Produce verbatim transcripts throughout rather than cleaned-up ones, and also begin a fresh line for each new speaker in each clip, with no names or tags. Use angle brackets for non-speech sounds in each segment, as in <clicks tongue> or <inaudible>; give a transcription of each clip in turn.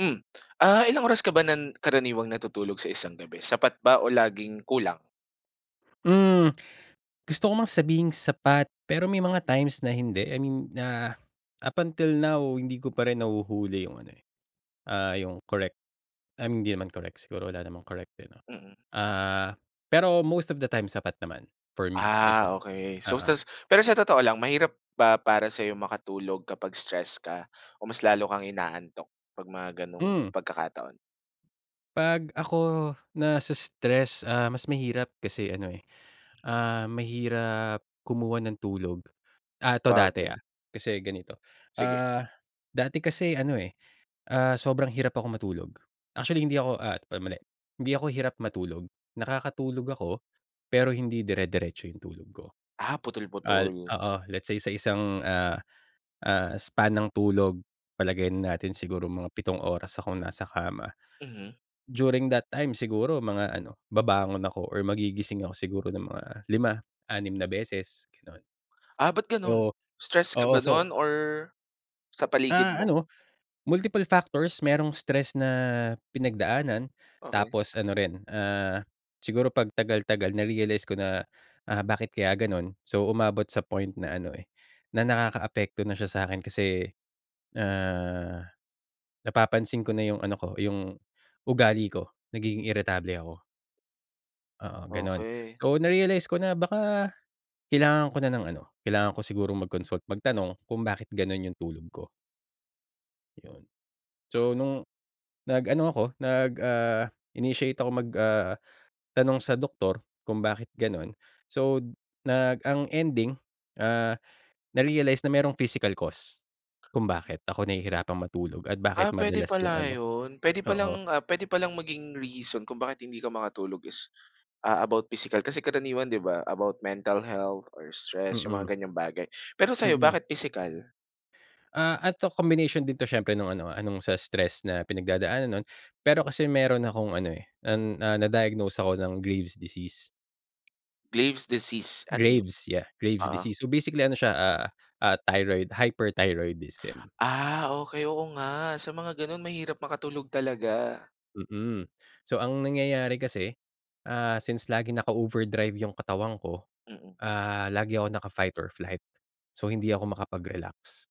Mm. Ah, ilang oras ka ba nan karaniwang natutulog sa isang gabi? Sapat ba o laging kulang?
Mm. <clicks tongue> Gusto ko mang sabihing sapat, pero may mga times na hindi. I mean na, up until now, hindi ko pa rin nahuhuli yung ano, eh, ah, yung correct, um, hindi naman correct, siguro wala namang correct, eh, 'no?
Mm.
Ah, pero most of the time sapat naman, for me, I think,
Ah, okey. So,
oo.
ta's pero sa totoo lang mahirap ba para sa'yong makatulog kapag stress ka? O mas lalo kang inaantok 'pag mga gano'ng
Mm.
pagkakataon?
'Pag ako nase-stress ah, mas mahirap, kasi ano, eh, ah, mahirap kumuha ng tulog. Ah, 'to dati,
Sabagay.
ah, kasi ganito,
Sige.
ah, dati kasi ano, eh, ah, sobrang hirap ako matulog. Actually, hindi ako, ah, ay mali. Hindi ako hirap matulog, nakakatulog ako, pero hindi dire-diretso yung tulog ko.
Ah,
Ah,
putol-putol?
oo, let's say sa isang, ah, ah, span ng tulog, palagay na natin siguro mga pitong oras akong nasa kama.
Mhm.
During that time siguro mga ano, babangon ako or magigising ako siguro ng mga lima, anim na beses, gano'n.
Ah, ba't gano'n?
So,
Stress ka
oo,
ba
so
nun or sa paligid
Ah,
mo?
ano, multiple factors, merong stress na pinagdaanan,
Okey.
tapos ano rin, ah, siguro 'pag tagal, tagal na-realize ko na, ah, "Bakit kaya gano'n?" So, umabot sa point na ano, eh, na nakakaapekto na siya sa'kin kasi, ah, napapansin ko na yung ano ko, yung ugali ko, nagiging iritable ako. Oo, ganun.
Okey.
So, na-realize ko na baka kailangan ko na ng ano, kailangan ko siguro mag-consult magtanong kung bakit ganun yung tulog ko. Yun, so nung nag-ano ako nag ah, initiate ako mag ah, tanong sa doktor kung bakit ganun. So, nag ang ending, ah, na-realize na may physical cost kung bakit ako nahihirapan matulog at
Ah,
bakit
pwede
madalas yung
pala
ano.
yun, puwede pa
Oo.
lang, ah, puwede palang maging reason kung bakit hindi ka makatulog is, ah, about physical kasi karaniwan 'di ba, about mental health or stress, yung mga
Mm.
ganyang bagay. Pero sa'yo
Mm.
bakit physical?
Ah, eto combination din 'to siyempre nung ano, ah, nung sa stress na pinagdadaanan nun. Pero kasi meron akong ano, eh, an, ah, na-diagnose ako ng Graves' disease.
Graves' disease, ano 'no,
Graves yeah, Graves'
oo.
disease. So basically ano siya, ah, ah, thyroid hyperthyroidism.
Ah, okey oo nga, sa mga ganun mahirap makatulog talaga.
Mm, so ang nangyayari kasi, ah, since lagi naka-overdrive yung katawan ko,
Mm.
ah, lagi ako naka-fight or flight. So hindi ako makapag-relax,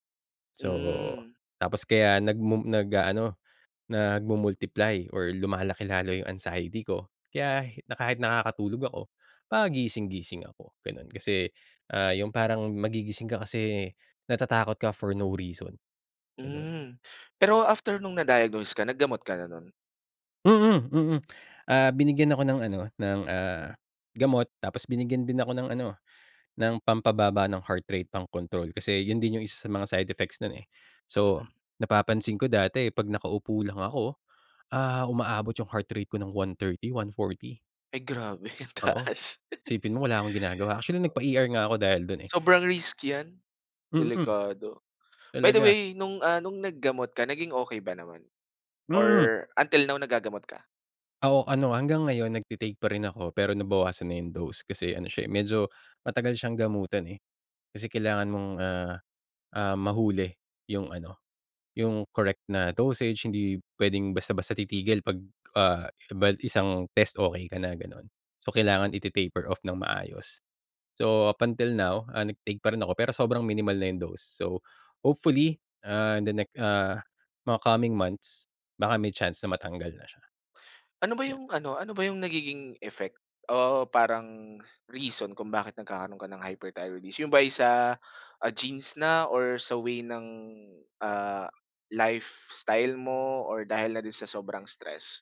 so
Hmm.
tapos kaya nagmu nag-aano nagmu-multiply or lumalaki lalo yung anxiety ko kaya na kahit nakakatulog ako pagising-gising ako, ganun. Kasi, ah, yung parang magigising ka kasi natatakot ka for no reason, ganun.
Hmm, pero after nung na-diagnose ka naggamot ka na no'n?
Mm, mm, ah, binigyan ako ng ano ng, ah, gamot tapos binigyan din ako ng ano ng pampababa ng heart rate, pangkontrol. Kasi yun din yung isa sa mga side effects nun, eh. So,
Mm.
napapansin ko dati pag nakaupo lang ako, oh, ah, umaabot yung heart rate ko ng one thirty-one forty.
Ay grabe, ang
Oo,
taas.
isipin mo wala akong ginagawa. Actually, nagpa-ER nga ako dahil dun, eh.
Sobrang risk yan,
Mm,
delikado. By the
talaga.
way, no'ng ah, no'ng naggamot ka naging okey ba naman?
Hmm.
Or until now nagagamot ka?
Oh, ano hanggang ngayon nagte-take pa rin ako. Pero, nabawasan na yong dose kasi ano siya, eh, medyo matagal siyang gamutan, eh. Kasi kailangan mong, ah, ah, mahuli yong ano, yong correct na dosage.b Hindi puwedeng basta-basta titigil. Pag ba isang test okey ka na gano'n. So, kailangan iti-taper-off ng maayos. So, up until now, ah, nag-take pa rin ako. Pero, sobrang minimal na 'yong dose. So, hopefully, ah, the next, ah, mga coming months baka may chance na matanggal na siya.
Ano ba yung ano ano ba yung nagiging effect, o parang reason kung bakit nagkakaroon ka ng hyperthyroidism? Yung ba ay sa genes na or sa way ng, ah, lifestyle mo or dahil na din sa sobrang stress?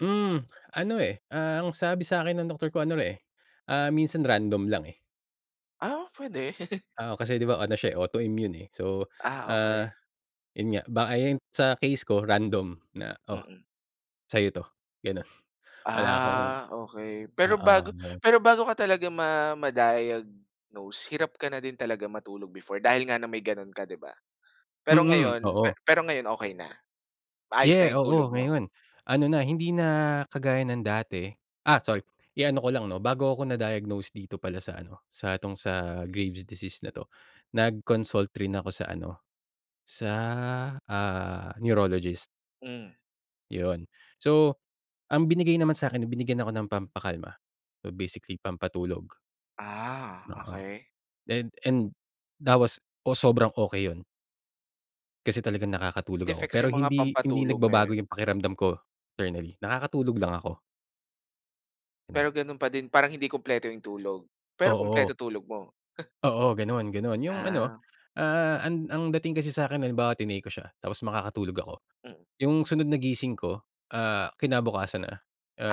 Hmm, ano eh, ah, ang sabi sakin ng doktor ko ano eh, ah, minsan random lang eh.
Ah, puwede. <chuckles>
Oo, kasi 'di ba ano siya eh, autoimmune eh. So,
Ah,
ah,
okey.
yun nga, baka yun sa case ko random, na "Oh,
Mm.
sa'yo 'to." Gano'n, wala akong
Ah, okey. Pero
oo
bago
yun.
pero bago ka talaga ma ma-diagnose, hirap ka na din talaga matulog before, dahil nga na may gano'n ka, 'di ba? Pero
Mm,
ngayon
oo.
pero ngayon, okey na? Maayos na
Yeah,
'yong tulog
oo,
mo?
ngayon. Ano na, hindi na kagaya ng dati ah, sorry iano ko lang 'no, bago ako na-diagnose dito pala sa ano, sa 'tong sa Graves disease na 'to, nag-consult rin ako sa ano, sa, ah, Neurologist.
Hmm.
Yun. So, ang binigay naman sakin, binigyan ako ng pampakalma. So basically pampatulog.
Ah,
Oo.
okey.
Then and that was ooh, sobrang okey yun. Kasi talagang nakakatulog ako.
Effects
Pero
yung mga
hindi hindi
pampatulog na yun?
nagbabago yung pakiramdam ko internally, nakakatulog lang ako.
Pero
<unintelligible>
ganun pa din, parang hindi kumpleto yung tulog, pero
Oo.
kumpleto tulog mo.
Oo, ganun, ganun. Yung ano,
Ah.
ah, an ang dating kasi sa'kin halimbawa tinake ko siya, tapos makakatulog ako.
Mm.
Yung sunod na gising ko, ah, kinabukasan na,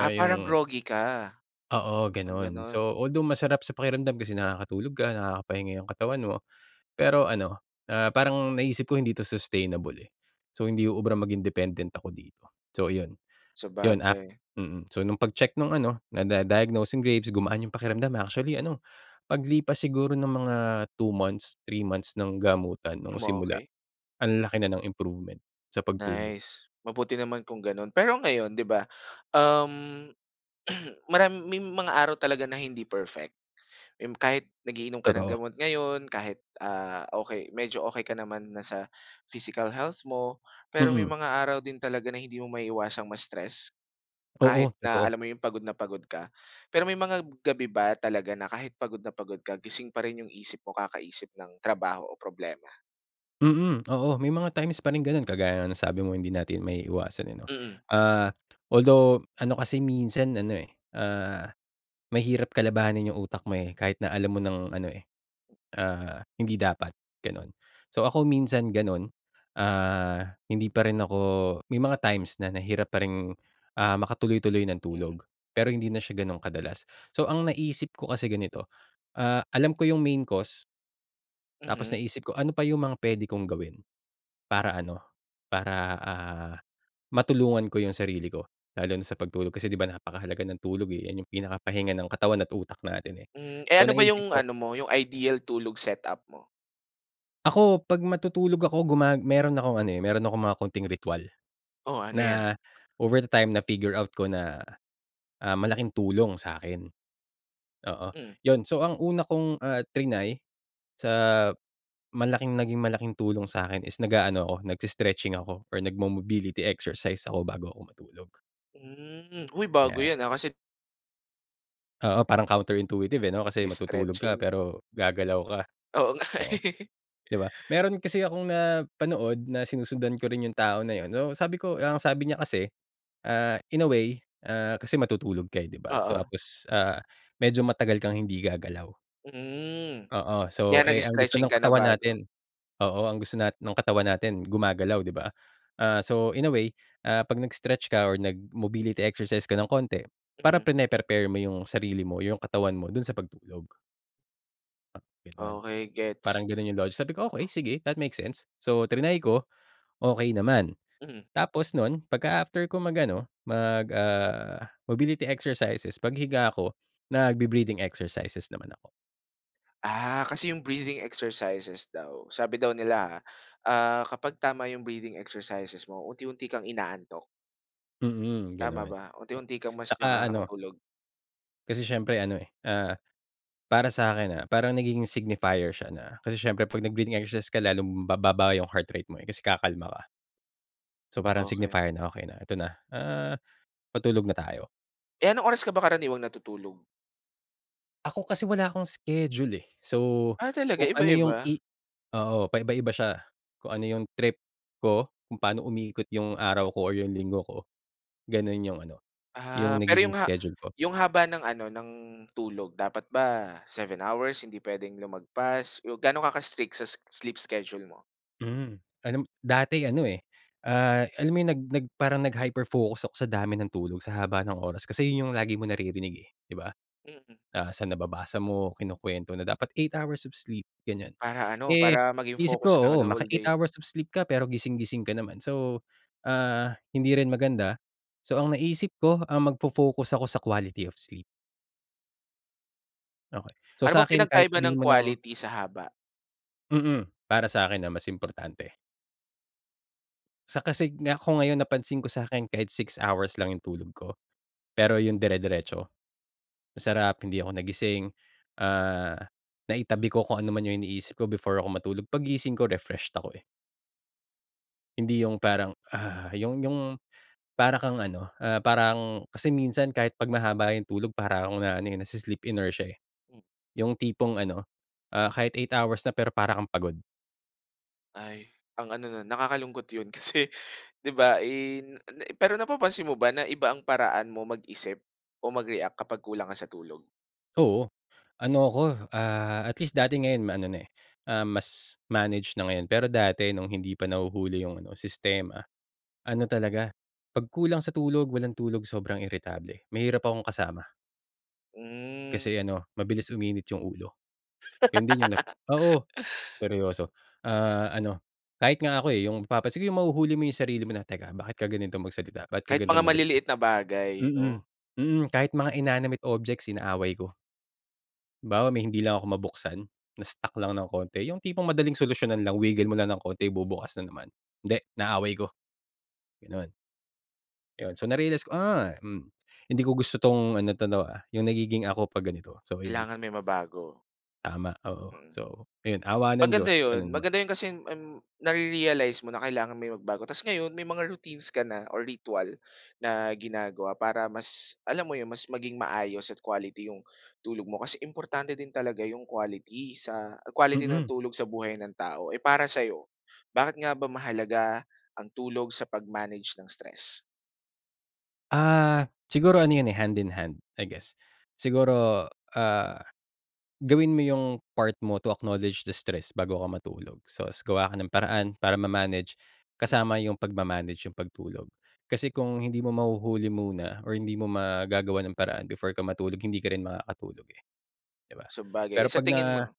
Ah, parang
yung
groggy ka,
Oo,
parang
ganun.
ganun?
So, although masarap sa pakiramdam kasi nakakatulog ka, nakakapahinga yung katawan mo. Pero ano, ah, parang naiisip ko hindi 'to sustainable, eh, so hindi uubra maging dependent ako dito. So, ayun yun. Af
Sabagay.
mm, so nung pag-check nung ano, nada diagnose yung Graves', gumaan yung pakiramdam. Actually, ano paglipas siguro ng mga two months, three months, ng gamutan. No'ng simula,
Umokey.
ang laki na ng improvement sa pagtulog.
Nice, mabuti naman kung ganun. Pero ngayon di ba, <gasps> um, <clears throat> marami may mga araw talaga na hindi perfect. Yung kahit nag-iinom ka ng
Totoo.
gamot ngayon kahit, ah, okey medyo okey ka naman na sa physical health mo. Pero may
Mm.
mga araw din talaga na hindi mo maiiwasang ma-stress,
Oo,
kahit na
totoo.
alam mo yung pagod na pagod ka. Pero may mga gabi ba talaga na kahit pagod na pagod ka, gising pa rin yung isip mo kakaisip ng trabaho o problema?
Mm, oo may mga times pa rin gano'n. Kagaya nga ng sabi mo hindi natin maiiwasan yun, eh, 'no?
Mm.
Ah, although ano kasi minsan ano, eh, ah, mahirap kalabahanin yung utak mo, eh, kahit na alam mo ng ano, eh, ah, hindi dapat, gano'n. So, ako minsan ganun, ah, hindi pa rin ako may mga times na nahirap pa rin, ah, makatuloy-tuloy ng
Mm.
tulog pero hindi na siya gano'n kadalas. So, ang naisip ko kasi ganito, ah, alam ko yung main cause. Tapos
Mhm.
naisip ko, "Ano pa yung mga pwede kong gawin, para ano, para, ah, matulungan ko yung sarili ko, lalo na sa pagtulog?" Kasi 'di ba, napakahalaga ng tulog, eh, yan yung pinakahinga ng katawan at utak natin eh,
Mm. Eh,
so
ano ba
naisip
yung
ko
ano mo, yung ideal tulog setup mo?
Ako 'pag matutulog ako, guma meron akong ano, eh, meron akong mga konting ritwal,
Oo, ano yan?
na over the time na-figure out ko na, ah, malaking tulong sa'kin, oo
Mm.
yun. So, ang una kong, ah, trinay sa malaking naging malaking tulong sa'kin is nag-aano ako, nag-i-stretching ako or nag-mobility exercise ako bago ako matulog.
Mm. Uy bago
'Yan.
yan, ah, kasi
Oo, parang counter intuitive eh, 'no, kasi matutulog ka
'Gi-stretching.
pero gagalaw ka.
Oo nga.
Oo,
<laughs>
'di ba? Meron kasi akong napanood na sinusundan ko rin yung tao na yun, uh, sabi ko ang sabi niya kasi ah, in a way ah kasi matutulog ka eh di ba
Oo.
tapos ah medyo matagal kang hindi gagalaw.
Mhm.
Oo,
Kaya,
so eh, ang gusto
nag-stretching
ng
ka na
katawan
bago
natin oo ang gusto natin ng katawan natin gumagalaw 'di ba? Ah, so, in a way ah, 'pag nag-stretch ka or nag-mobility exercise ka ng konti, para
Mm.
prine-prepare mo yung sarili mo, yung katawan mo dun sa pagtulog gano'n.
Okey,
Parang
gets.
gano'n yung logic sabi ko, "Okey,
<unintelligible>
sige, that makes sense." So triny ko, okey naman.
Mhm.
Tapos nun pagka-after ko mag-ano, mag ah, mobility exercises, paghiga ko nagbe-breathing exercises naman ako.
Ah, kasi yung breathing exercises daw sabi daw nila ah, ah, kapag tama yung breathing exercises mo, unti-unti kang inaantok.
Hmm,
Tama
gano'n,
ba unti-unti kang mas
tsaka ano
nakakatulog?
Kasi siyempre ano eh, ah, para sa akin, ah, parang nagiging signifier siya na kasi siyempre 'pag nag-breathing exercise ka lalong bababa yung heart rate mo eh kasi kakalma ka. So, parang
Okey.
signifier na, "Okay na, eto na, ah, patulog na tayo."
Eh, anong oras ka ba karaniwang natutulog?
Ako kasi wala akong schedule, eh. So,
Ah, talaga
kung ano yong
iba-iba?
i oo, pa-iba-iba siya. Kung ano yung trip ko. Kung paano umikot 'yong araw ko o 'yong linggo ko. Gano'n yong ano, yong
Ah, pero
nagiging
yong ha
schedule ko.
yong haba ng ano, ng tulog, dapat ba seven hours? Hindi puwedeng lumagpas? Gaano ka ka-strict sa sleep schedule mo?
Hmm, alam dati ano, eh, ah, alam mo yung, nag nag parang nag-hyper focus ako sa dami ng tulog, sa haba ng oras. Kasi yun yung lagi mong naririnig, eh, di ba?
Mm.
Ah, sa nababasa mo, kinukwento na, "Dapat eight hours of sleep." Ganyan.
Para ano,
Eh,
para maging
isip ko,
focus ka
oo
the whole
maka-eight
day.
hours of sleep ka, pero gising-gising ka naman. So, ah, hindi rin maganda. So, ang naisip ko, um, magfo-focus ako sa quality of sleep. Okay. So,
Ano bang
sa'kin kahit
pinagkaiba ng
sabihin mo ng
quality, sa haba?
Mm, para sakin, ah, mas importante. Sa kasig nga, kung ngayon napansin ko sa'kin, kahit six hours lang yung tulog ko pero yung dire-diretso, masarap, hindi ako nagising, ah, naitabi ko kung ano man yung iniisip ko before ako matulog, paggising ko, refreshed ako, eh. Hindi 'yong parang "Ugh", 'yong, 'yong para kang ano, ah, parang kasi minsan kahit 'pag mahaba 'yong tulog para akong na ano, eh, nai-sleep inertia eh.
Hmm.
'Yong tipong ano, ah, kahit eight hours na pero para kang pagod.
Ay, ang ano no'n. Nakakalungkot 'yon kasi 'di ba in na pero napapansin mo ba na iba ang paraan mo mag-isip o mag-react kapag kulang ka sa tulog?
Oo. Ano ako, ah, at least dati ngayon ma-ano na eh, um, mas manage na ngayon. Pero dati no'ng hindi pa nahuhuli 'yong ano sistema, ano talaga 'pag kulang sa tulog, walang tulog sobrang iritable. Mahirap akong kasama.
Hmm.
Kasi ano mabilis uminit 'yong ulo. 'Yon din 'yong 'no oo, seryoso ah, ano kahit nga ako eh, 'yong napapansin 'yong mahuhuli mo 'yong sarili mo na, "Teka, bakit ka ganito magsalita? Bakit ka
Kahit mga
ganitong magreact?"
maliliit na bagay
Mm,
'no?
mm. Kahit mga inanimate objects inaaway ko. Halimbawa may hindi lang ako mabuksan na-stuck lang ng konti. 'Yong tipong madaling solusyonan lang wiggle mo lang ng konti bubukas na naman. Hindi, inaaway ko. Gano'n. 'Yon so, na-realize ko, "Ah, mm. Hindi ko gusto 'tong ano 'to 'no, 'yung nagiging ako 'pag ganito." So ayun.
Kailangan may mabago.
Tama, oo.
Mm.
So ayun, awa ng
Maganda
Diyos ano
'yon.
naman.
Maganda 'yon kasi, um, nare-realize mo na kailangan mo 'yung magbago. Tas ngayon may mga routines ka na o ritwal na ginagawa para mas, alam mo 'yon, mas maging maayos at quality 'yong tulog mo. Kasi importante din talaga 'yong quality sa quality ng
Mm.
tulog sa buhay ng tao. Eh, para sa'yo, bakit nga ba mahalaga ang tulog sa pag-manage ng stress?
Ah, siguro ano yun eh, hand in hand, I guess. Siguro ah, gawin mo 'yung part mo to acknowledge the stress bago ka matulog. So gawa ka ng paraan para ma-manage.
Mm.
Kasama 'yung pagma manage 'yung pagtulog kasi kung hindi mo mahuhuli muna or hindi mo magagawan ng paraan before ka matulog hindi ka rin makakatulog eh, 'di ba?
Sabagay.
Pero
Eh sa
'pag
tingin
na
mo?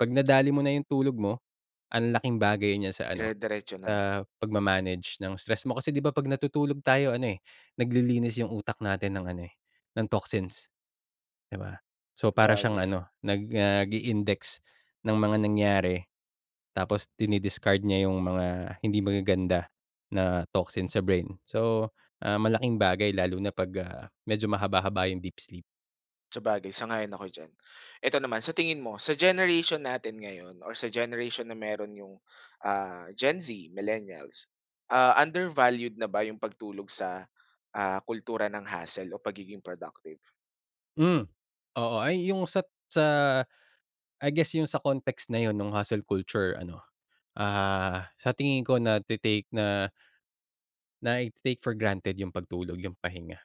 'pag nadali mo na 'yung tulog mo an'laking bagay niya sa ano,
Dire-diretso na.
sa pagma-manage ng stress mo. Kasi, 'di ba 'pag natutulog tayo ano eh, naglilinis 'yung utak natin ng ano eh, ng toxins, 'di ba? So, para siyang
Sabagay.
ano, nag ah, nag-i-index ng mga nangyari, tapos dini-discard niya 'yung mga hindi magaganda na toxin sa brain. So, ah, malaking bagay lalo na 'pag ah, medyo mahaba-haba 'yung deep sleep.
Sabagay, sang-ayon ako diyan. Eto naman sa tingin mo, sa generation natin ngayon or sa generation meron yung, ah, Gen Z, millennials. Ah, undervalued na ba yung pagtulog sa, ah, kultura ng hustle o pagiging productive?
Mm. Oo. Ay yung sa sa I guess, yung sa context na yun nung hustle culture ano, ah, sa tingin ko nagte-take na nai-te-take-for-granted yung pagtulog- yung pahinga.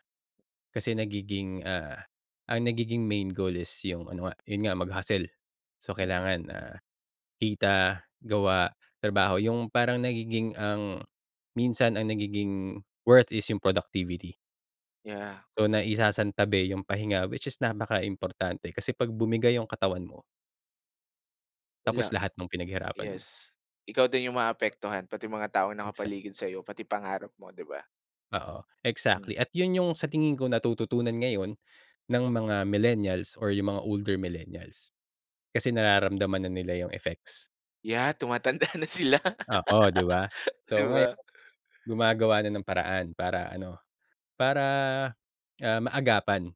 Kasi nagiging, ah, ang nagiging main goal is yung ano nga, yun nga, mag-hustle. So
Mm.
kailangan, ah, kita, gawa, trabaho, yung parang nagiging ang minsan ang nagiging worth is yung productivity.
Yeah.
So, naisasantabi yung pahinga. Which is napaka-importante, kasi 'pag bumigay yung katawan mo. Tapos,
Wala.
lahat nung pinaghirapan mo.
Yes. Ikaw din yung maaapektuhan, pati mga taong
Exactly.
nakapaligid sa'yo. Pati pangarap mo, 'di ba?
Oo
Mm.
exactly. At yun yung sa tingin ko, natututunan ngayon ng mga millennials or yung mga older millennials. Kasi nararamdaman na nila yung effects.
Yeah, tumatanda na sila,
Oo, 'di ba?
<laughs> 'di
So ngayon
ba?
gumagawa na ng paraan para ano, para, ah, maagapan.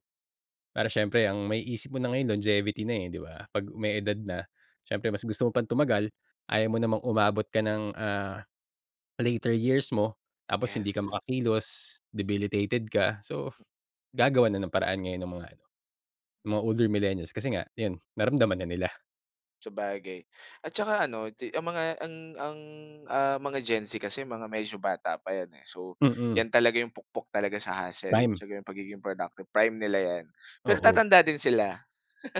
Para siyempre ang maiisip mo na ngayon longevity na, eh, 'di ba? 'Pag may edad na, siyempre mas gusto mo pang tumagal. Ayaw mo namang umabot ka ng, ah, later years mo tapos hindi ka
Yes.
makakilos, debilitated ka, so gagawa na ng paraan ngayon ang mga ano, mga older millennials kasi nga yun, naramdaman na nila.
Sabagay, at saka ano, di ang mga ang ang, ah, mga Gen Z kasi mga medyo bata pa yan, eh. So,
Mm.
'yan talaga yung pukpok talaga sa hustle.
Prime.
Tsaka yung pagiging productive, prime nila yan, pero
Oo.
tatanda din sila.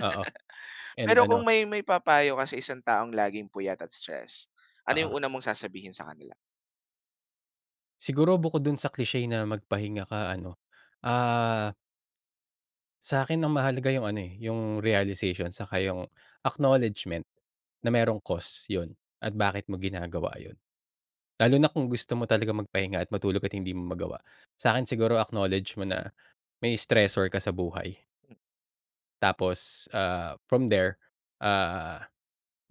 Oo and
Pero
ano.
kung may maipapayo ka sa isang taong laging puyat at stress, ano yung
Oo.
una mong sasabihin sa kanila?
Siguro bukod dun sa cliche na magpahinga ka ano, ah. sa'kin ang mahalaga yung ano, eh, yung realization saka yung acknowledgement, na merong cost yun at bakit mo ginagawa yun. Lalo na kung gusto mo talagang magpahinga at matulog at hindi mo magawa. Sa'kin siguro acknowledge mo na, may stressor ka sa buhay. Tapos, ah, from there, ah,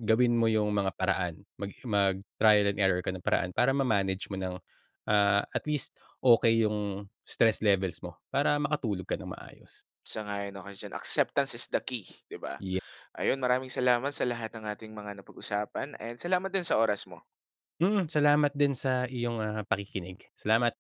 gawin mo yung mga paraan. Maging mag-trial and error ka ng paraan para ma-manage mo ng, ah, at least okey yung stress levels mo para makatulog ka nang maayos.
Sang-ayon ako diyan. Acceptance is the key, 'di ba?
Yeah.
Ayun, maraming salamat sa lahat ng ating mga napag-usapan and salamat din sa oras mo.
Mm, salamat din sa iyong, ah, pakikinig. Salamat.